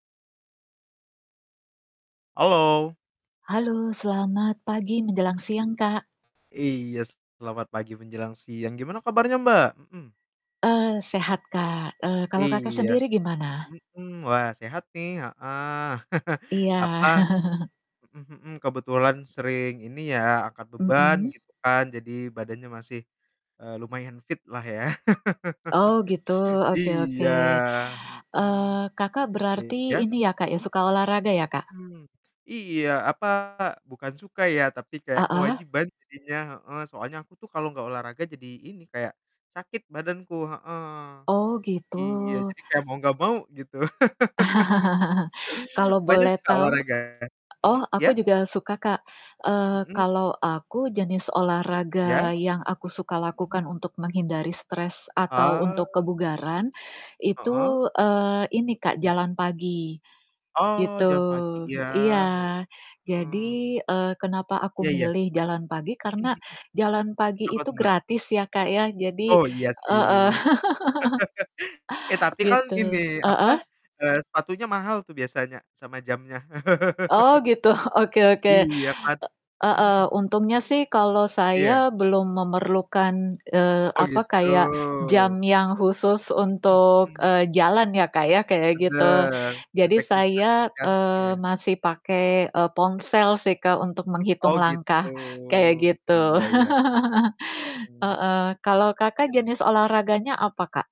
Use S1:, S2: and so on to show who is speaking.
S1: Halo.
S2: Halo, selamat pagi menjelang siang, Kak.
S1: Iya, selamat pagi menjelang siang. Gimana kabarnya, Mbak? Mhm.
S2: Eee, sehat, Kak, eee, kalau, Kakak,
S1: Iya,
S2: sendiri gimana?
S1: mmm. Wah sehat nih, heeh.
S2: Iya.
S1: Apa mhm mhm, kebetulan sering ini ya, angkat beban
S2: Mhm.
S1: gitu kan jadi badannya masih, eee, lumayan fit lah ya.
S2: Oh gitu, oke oke,
S1: Iya, mhm.
S2: eee, Kakak, berarti
S1: Iya?
S2: ini ya, Kak ya,
S1: Mmm?
S2: suka olahraga ya, Kak?
S1: Mmm, iya, apa, bukan suka ya, tapi kayak
S2: Heeh.
S1: kewajiban jadinya heeh, soalnya aku tuh kalau nggak olahraga jadi ini, kayak sakit badanku heeh.
S2: Oh, gitu.
S1: Iya, jadi kayak mau nggak mau gitu.
S2: Kalau
S1: Mbaknya,
S2: boleh
S1: suka
S2: tahu
S1: olahraga?
S2: oh,
S1: Mhm,
S2: aku
S1: ya?
S2: juga suka, Kak, eee,
S1: Mhm.
S2: kalau aku jenis
S1: Ya?
S2: olahraga yang aku suka lakukan
S1: Mhm.
S2: untuk menghindari stres atau
S1: Ah.
S2: untuk kebugaran
S1: Heeh.
S2: itu, eee, ini, Kak,
S1: Ya.
S2: jalan pagi,
S1: Oh,
S2: gitu.
S1: jalan pagi ya?
S2: Iya,
S1: Heeh.
S2: jadi, eee, kenapa aku
S1: Iya iya.
S2: milih jalan pagi
S1: Mmm,
S2: karena
S1: mhm,
S2: jalan pagi
S1: kenapa tuh,
S2: itu
S1: Mbak?
S2: gratis ya, Kak, ya, jadi
S1: Oh, iya sih.
S2: heeh,
S1: Eh, tapi kan
S2: gitu.
S1: ini apa,
S2: Heeh?
S1: eee, sepatunya mahal tuh biasanya sama jamnya.
S2: Oh gitu, oke oke,
S1: Iya kan?
S2: e
S1: Mhm
S2: heeh,
S1: mhm.
S2: untungnya sih kalau saya
S1: Iya.
S2: belum memerlukan, eee,
S1: Oh,
S2: apa,
S1: gitu.
S2: kayak jam yang khusus
S1: Mhm
S2: untuk,
S1: mhm.
S2: eee, jalan ya, Kak, ya kayak gitu.
S1: Bener,
S2: Jadi
S1: deteksi ja
S2: saya,
S1: jantung
S2: eee,
S1: ya.
S2: masih pakai, eee, ponsel sih, Kak, untuk
S1: Oh,
S2: menghitung
S1: gitu.
S2: langkah kayak gitu.
S1: Iya iya. Mmm.
S2: Heeh, kalau,
S1: Iya
S2: Kakak,
S1: sih.
S2: jenis olahraganya apa, Kak?